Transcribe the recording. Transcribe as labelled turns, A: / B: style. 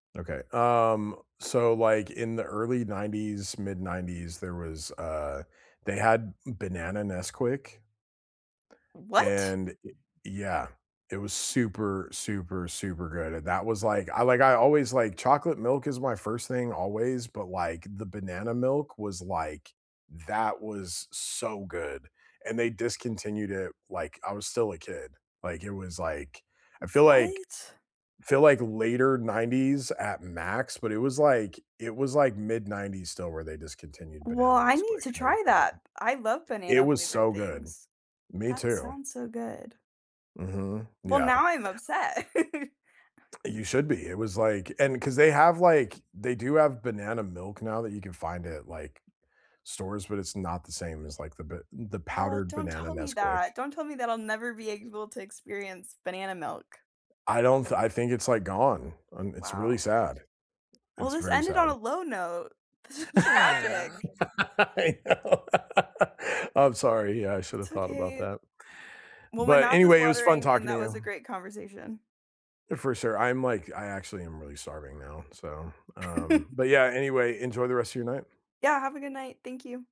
A: Okay. Um, so, like, in the early 90s, mid 90s, there was, uh, they had, mm, banana Nesquik
B: What?
A: and I yeah, it was super, super, super good, and that was like I like I always liked chocolate milk is my 1st thing always, but, like, the banana milk was, like, that was so good, and they discontinued it, like I was still a kid, like, it was like I feel like
B: What?
A: I feel like later 90s at max, but it was like it was like mid 90s still where they discontinued
B: Well,
A: banana
B: I need
A: Nesquik,
B: to
A: it was
B: try
A: really good.
B: that. I love
A: It
B: banana
A: was
B: flavored
A: so good,
B: things.
A: me
B: That
A: too.
B: sounds so good.
A: Mhm,
B: Well,
A: yeah.
B: now I'm upset.
A: You should be. It was like and 'cause they have, like, they do have banana milk now that you can find at, like, stores, but it's not the same as, like, the ba the
B: Oh,
A: powdered
B: don't
A: banana
B: tell me
A: Nesquik.
B: that. Don't tell me that I'll never be able to experience banana milk.
A: I don't th I think it's like gone, and it's really
B: Wow.
A: sad.
B: Well,
A: It's
B: this
A: very
B: ended on a
A: sad.
B: low note. This is tragic.
A: I know. I'm sorry, yeah, I should've
B: It's
A: thought about
B: okay.
A: that.
B: Well, my
A: But
B: mouth is
A: anyway, it was fun
B: watering, and
A: talking to
B: that was
A: you.
B: a great conversation.
A: For sure, I'm like I actually am really starving now, so, um But yeah, anyway, enjoy the rest of your night.
B: Yeah, have a good night. Thank you.